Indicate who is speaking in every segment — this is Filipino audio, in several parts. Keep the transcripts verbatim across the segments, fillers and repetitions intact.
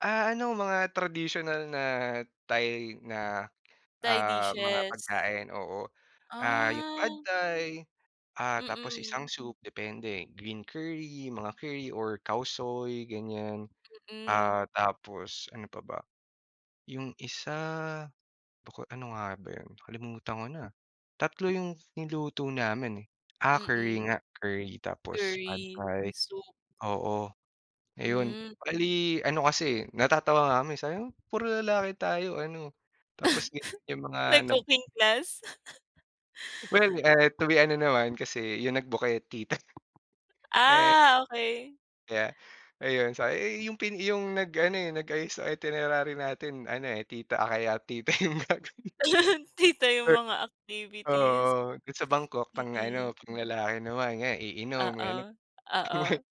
Speaker 1: Ah, ano, mga tradisyonal na Thai, na
Speaker 2: Thai
Speaker 1: ah, mga
Speaker 2: dishes.
Speaker 1: pagkain, oo, ah, yung Pad
Speaker 2: Ah.
Speaker 1: Thai, ah, tapos
Speaker 2: Mm.
Speaker 1: isang soup, depende. Green curry, mga curry or Khao Soi, ganyan,
Speaker 2: Mm.
Speaker 1: ah, tapos ano pa ba? Yung isa, baka, ano nga ba 'yon, kalimutan ko na, tatlo yung niluto namin eh, ah, curry
Speaker 2: Mm.
Speaker 1: nga, curry tapos Pad
Speaker 2: Curry.
Speaker 1: Thai,
Speaker 2: Soup.
Speaker 1: oo, ayun,
Speaker 2: Hmm.
Speaker 1: bali ano kasi eh, natatawa nga kami, sabi namin, "Puro lalaki tayo, ano, tapos ganyan yung mga nab"
Speaker 2: Nag-cooking class.
Speaker 1: Well, ah, tuwi ano naman kasi, yung nag-book eh, tita. Eh
Speaker 2: Ah, okay.
Speaker 1: Kaya ayun, sa "Eh, yung pin yung nag-ano, eh, nag ayos sa itinerary natin ano eh, tita, ah, kaya tita yung gagawin."
Speaker 2: Tita yung
Speaker 1: Perk
Speaker 2: mga
Speaker 1: oo,
Speaker 2: activities,
Speaker 1: oo. Do'n sa Bangkok, pang-ano,
Speaker 2: mm.
Speaker 1: panglalaki naman, yan iinom, gano'n.
Speaker 2: Oo,
Speaker 1: Mga
Speaker 2: oo.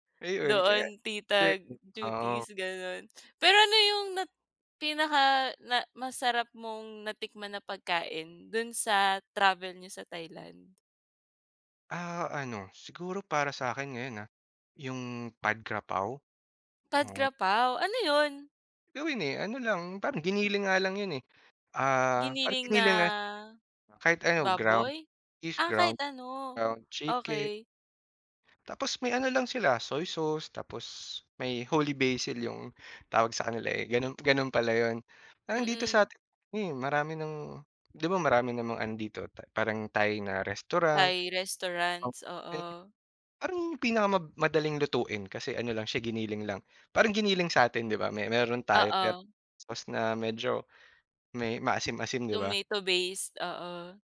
Speaker 1: Hmm, ayun, kaya
Speaker 2: Doon, tita
Speaker 1: [unintelligible] oo.
Speaker 2: duties, gano'n. Pero ano yung nat pinaka na masarap mong natikman na pagkain, do'n sa travel niyo sa Thailand?
Speaker 1: Ah, ano, siguro para sa'kin ngayon, ah, yung Pad Kra Pao,
Speaker 2: Pad
Speaker 1: oo.
Speaker 2: Kra Pao, ano 'yon?
Speaker 1: Gawin, eh, ano lang, parang giniling nga lang 'yon eh, ah, parang
Speaker 2: Giniling
Speaker 1: giniling na
Speaker 2: na,
Speaker 1: kahit ano, ground
Speaker 2: baboy?
Speaker 1: beef,
Speaker 2: Ah, kahit
Speaker 1: ground
Speaker 2: ano,
Speaker 1: ground chicken.
Speaker 2: okey.
Speaker 1: Tapos may ano lang sila soy sauce, tapos may, holy basil yung tawag sa kanila, eh, gano'n gano'n pala 'yon. Parang dito sa
Speaker 2: Mm.
Speaker 1: atin eh, marami ng, 'di ba, marami namang ano dito, Thai parang Thai na restaurant.
Speaker 2: Thai restaurants,
Speaker 1: [unintelligible]
Speaker 2: oo.
Speaker 1: Parang, pinakamadaling lutuin, kasi ano lang siya, giniling lang, parang giniling sa'tin, di ba, may may meron tayo, pero
Speaker 2: Oo.
Speaker 1: tapos na, medyo may, maasim-asim, 'di ba?
Speaker 2: Tomato-based, oo.